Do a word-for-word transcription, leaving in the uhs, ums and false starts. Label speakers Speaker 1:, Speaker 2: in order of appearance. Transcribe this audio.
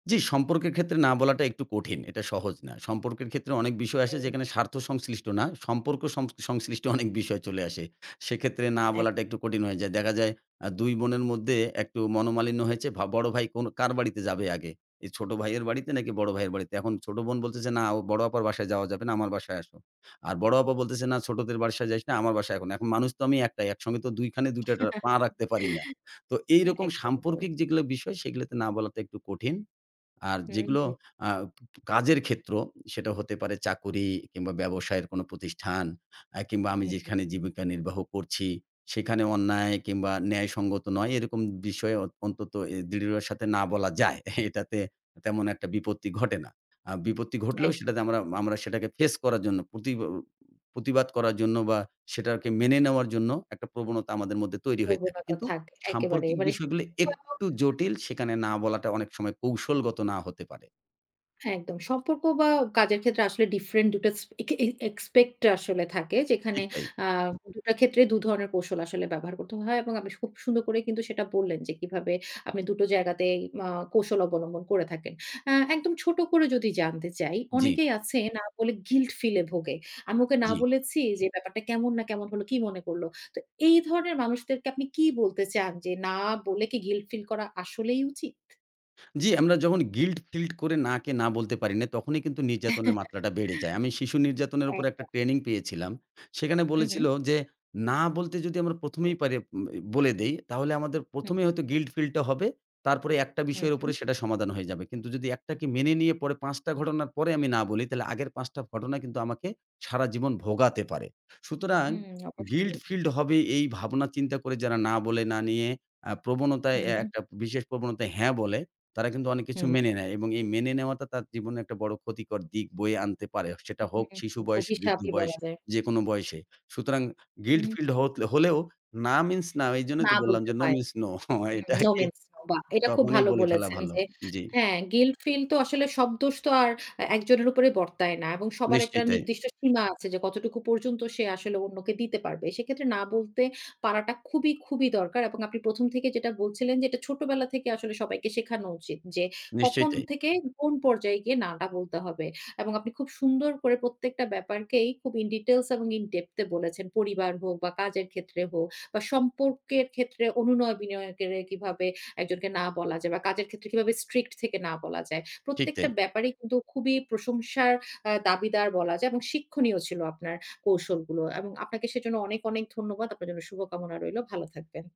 Speaker 1: জ্বি, সম্পর্কের ক্ষেত্রে না বলাটা একটু কঠিন। এটা সহজ না। সম্পর্কের ক্ষেত্রে অনেক বিষয় আসে
Speaker 2: হুম।
Speaker 1: যেখানে স্বার্থ সংশ্লিষ্ট না। সম্পর্ক সং সংশ্লিষ্ট অনেক বিষয় চলে আসে। সেক্ষেত্রে না
Speaker 2: এক
Speaker 1: বলাটা একটু কঠিন হয়ে যায়। দেখা যায় এ্যাঁ দুই বোনের মধ্যে একটু মনোমালিন্য হয়েছে। ভা বড় ভাই কোন কার বাড়িতে যাবে আগে? এই ছোট ভাইয়ের বাড়িতে নাকি বড় ভাইয়ের বাড়িতে। এখন ছোট বোন বলতেছে, "না বড় আপার বাসায় যাওয়া যাবে না। আমার বাসায় আসো।" আর বড় আপা বলতেছে, "না ছোটদের বাসায় যাইস না। আমার বাসায় এখন।" এখন মানুষ তো আমি এক টাই। একসঙ্গে তো দুই খানে দুইটা টা পা রাখতে পারি না। তো
Speaker 2: না,
Speaker 1: এইরকম
Speaker 2: একদম, তাই।
Speaker 1: সাম্পর্কিক যেগুলা বিষয় সেগুলাতে না বলাটা একটু কঠিন। আর
Speaker 2: হুম,
Speaker 1: যেগুলো
Speaker 2: হুম।
Speaker 1: এ্যাঁ কাজের ক্ষেত্র সেটা হতে পারে চাকুরী কিংবা ব্যবসায়ের কোনো প্রতিষ্ঠান এ্যাঁ কিংবা আমি
Speaker 2: হু, হু।
Speaker 1: যেখানে জীবিকা নির্বাহ করছি সেখানে অন্যায় কিংবা ন্যায়সঙ্গত নয় এরকম বিষয় অয় অন্তত দৃঢ়ের সাথে না বলা যায়। এটাতে, তেমন একটা বিপত্তি ঘটে না। এ্যাঁ বিপত্তি ঘটলেও
Speaker 2: একদম।
Speaker 1: সেটাতে আমরা, আমরা সেটাকে ফেস করার জন্য প্রতিব প্রতিবাদ করার জন্য বা সেটাকে মেনে নেওয়ার জন্য, একটা প্রবণতা আমাদের মধ্যে তৈরি হয়ে থাকে।
Speaker 2: প্রবণতা
Speaker 1: কিন্তু
Speaker 2: থাকে একেবারে
Speaker 1: সাম্পর্কিক
Speaker 2: মানে শুধু
Speaker 1: বিষয়গুলো
Speaker 2: একদম।
Speaker 1: একটু জটিল সেখানে না বলাটা অনেক সময় কৌশলগত না হতে পারে।
Speaker 2: একদম। সম্পর্ক বা কাজের ক্ষেত্রে আসলে ডিফারেন্ট দুটো এক্সপেক্ট আসলে থাকে যেখানে
Speaker 1: ঠিক তাই।
Speaker 2: এ্যাঁ দুটা ক্ষেত্রে দুধরনের কৌশল আসলে ব্যবহার করতে হয়। এবং আমি খুব সুন্দর করে কিন্তু সেটা বললেন যে কিভাবে আপনি দুটো জায়গাতেই অ কৌশল অবলম্বন করে থাকেন। এ্যাঁ একদম ছোট করে যদি জানতে চাই,
Speaker 1: জ্বি।
Speaker 2: অনেকেই আছে না বলে গিল্ট ফিল্ট এ ভোগে। আমি ওকে না
Speaker 1: জ্বি।
Speaker 2: বলেছি যে ব্যাপারটা কেমন না কেমন হলো, কি মনে করল। তো এই ধরনের মানুষদেরকে আপনি কি বলতে চান যে না বলে কি গিল্ট ফিল করা আসলেই উচিত?
Speaker 1: জ্বি, আমরা যখন গিল্ট ফিল্ট করে না কে না বলতে পারি না। তখনই কিন্তু নির্যাতনের মাত্রাটা বেড়ে যায়। আমি শিশু নির্যাতনের উপর একটা
Speaker 2: একদম।
Speaker 1: ট্রেনিং পেয়েছিলাম। সেখানে
Speaker 2: হু,
Speaker 1: বলেছিল
Speaker 2: হু।
Speaker 1: যে, "না বলতে যদি আমরা প্রথম এই পারি উ বলে দেই, তাহলে আমাদের প্রথম
Speaker 2: হুম।
Speaker 1: এই হয়তো গিল্ট ফিল্ট টা হবে। তারপরে একটা
Speaker 2: হু,
Speaker 1: বিষয়ের
Speaker 2: হু।
Speaker 1: উপরে সেটা সমাধান হয়ে যাবে। কিন্তু যদি একটাকে মেনে নিয়ে, পাঁচ টা ঘটনার পরে আমি না বলি তাহলে আগের পাঁচ টা ঘটনা কিন্তু আমাকে, সারাজীবন ভোগাতে পারে। সুতরাং,
Speaker 2: হু,
Speaker 1: গিল্ট
Speaker 2: অবশ্যই।
Speaker 1: ফিল্ড হবে এই ভাবনা চিন্তা করে যারা না বলে না নিয়ে, এ্যাঁ প্রবণতায় এ্যাঁ
Speaker 2: হুম।
Speaker 1: একটা বিশেষ প্রবণতায় হ্যাঁ বলে, তারা কিন্তু অনেক কিছু
Speaker 2: হুম।
Speaker 1: মেনে নেয়। এবং এই মেনে নেওয়াটা তার জীবনে একটা বড় ক্ষতিকর দিক বয়ে আনতে পারে। সেটা হোক শিশু
Speaker 2: হুম,
Speaker 1: বয়স, বৃদ্ধ
Speaker 2: অভিশাপই
Speaker 1: বয়স,
Speaker 2: বলা যায়।
Speaker 1: যেকোনো বয়সে। সুতরাং গিল্ট
Speaker 2: হুম।
Speaker 1: ফিল্ড হ হলেও না মিনস না এইজন্যই
Speaker 2: না
Speaker 1: তো বললাম
Speaker 2: বলতে
Speaker 1: যে, নো
Speaker 2: হয়।
Speaker 1: মিনস নো
Speaker 2: নো
Speaker 1: এটাকে
Speaker 2: মিনস নো বা এটা খুব
Speaker 1: তখনই
Speaker 2: ভালো
Speaker 1: বলে ফেলা
Speaker 2: বলেছেন
Speaker 1: ভালো।"
Speaker 2: যে,
Speaker 1: জ্বি।
Speaker 2: হ্যাঁ গিল্ট ফিল তো আসলে সব দোষ তো আর এ্যাঁ একজনের উপরে বর্তায় না এবং সবার একটা
Speaker 1: নিশ্চয় তাই।
Speaker 2: নির্দিষ্ট সীমা আছে যে কতটুকু পর্যন্ত সে আসলে অন্যকে দিতে পারবে। সেক্ষেত্রে না বলতে পারাটা খুবই, খুবই দরকার। এবং আপনি প্রথম থেকে যেটা বলছিলেন, যে এটা ছোটবেলা থেকে আসলে সবাইকে শেখানো উচিত যে
Speaker 1: নিশ্চয়ই,
Speaker 2: কখন
Speaker 1: তাই।
Speaker 2: থেকে কোন পর্যায়ে গিয়ে না এটা বলতে হবে। এবং আপনি খুব সুন্দর করে প্রত্যেকটা ব্যাপারকেই খুব ইন ডিটেইলস এবং ইন ডেপথ এ বলেছেন। পরিবার হোক বা কাজের ক্ষেত্রে হোক বা সম্পর্কের ক্ষেত্রে অনুনয় বিনয়কে কিভাবে একজনকে না বলা যায় বা কাজের ক্ষেত্রে কিভাবে স্ট্রিক্ট থেকে না বলা যায়।
Speaker 1: ঠিক
Speaker 2: প্রত্যেকটা
Speaker 1: তাই।
Speaker 2: ব্যাপারেই কিন্তু খুবই প্রশংসার এ্যাঁ দাবিদার বলা যায় এবং শিক্ষণীয় ছিল আপনার কৌশলগুলো। এবং আপনাকে সেজন্য অনেক, অনেক ধন্যবাদ। আপনার জন্য শুভকামনা রইলো। ভালো থাকবেন।